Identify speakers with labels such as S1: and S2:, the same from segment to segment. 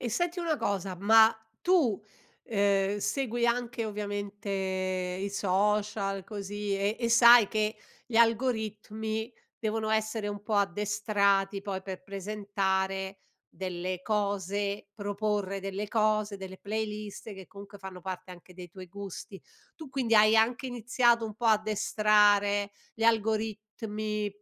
S1: E senti una cosa, ma tu, uhm, segui anche, ovviamente, i social, così, e e sai che gli algoritmi devono essere un po' addestrati, poi, per presentare delle cose, proporre delle cose, delle playlist che, comunque, fanno parte anche dei tuoi gusti. Tu, quindi, hai anche iniziato un po' addestrare gli algoritmi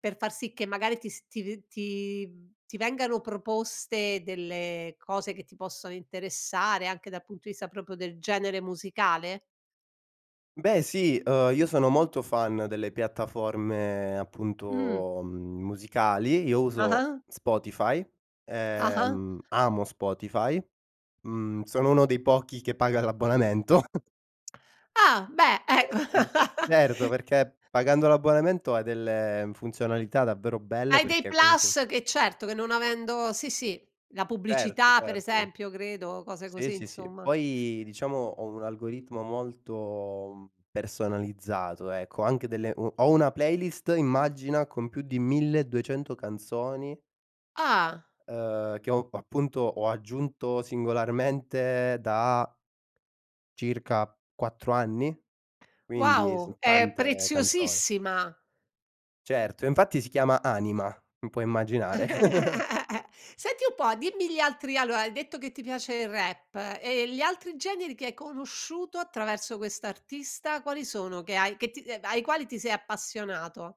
S1: per far sì che magari ti s ti r ti ti vengano proposte delle cose che ti possono interessare, anche dal punto di vista proprio del genere musicale?
S2: Beh sì, uhm, io sono molto fan delle piattaforme
S1: Mh.
S2: appunto, mhmm, musicali. Io uso
S1: Ah-ah.
S2: Spotify,
S1: Ah-ah.
S2: ehm, amo Spotify, mhmm, sono uno dei pochi che paga l'abbonamento.
S1: Ah, beh,
S2: Ehm, certo,
S1: e
S2: perché pagando l'abbonamento hai delle funzionalità davvero belle,
S1: Hai dei
S2: perché comunq
S1: plus che, certo, che non avendo sì, sì, la
S2: Certo,
S1: pubblicità ,per
S2: certo.
S1: esempio, credo, cose
S2: Sì,
S1: così,
S2: sì, sì.
S1: insomma.
S2: Poi, diciamo, ho un algoritmo molto personalizzato, ecco, anche delle mhmm, ho una playlist, immagina, con più di 1200 canzoni
S1: Ah!
S2: uhm, che ho, appunto, ho aggiunto singolarmente da circa 4 anni? Quindi
S1: Wow!
S2: son
S1: È
S2: tante canzoni.
S1: preziosissima
S2: Certo, infatti si chiama Anima, m puoi immaginare.
S1: Senti un po', dimmi gli altri allora, hai detto che ti piace il rap. E gli altri generi che hai conosciuto attraverso quest'artista? Quali sono? Che hai che t ai quali ti sei appassionato?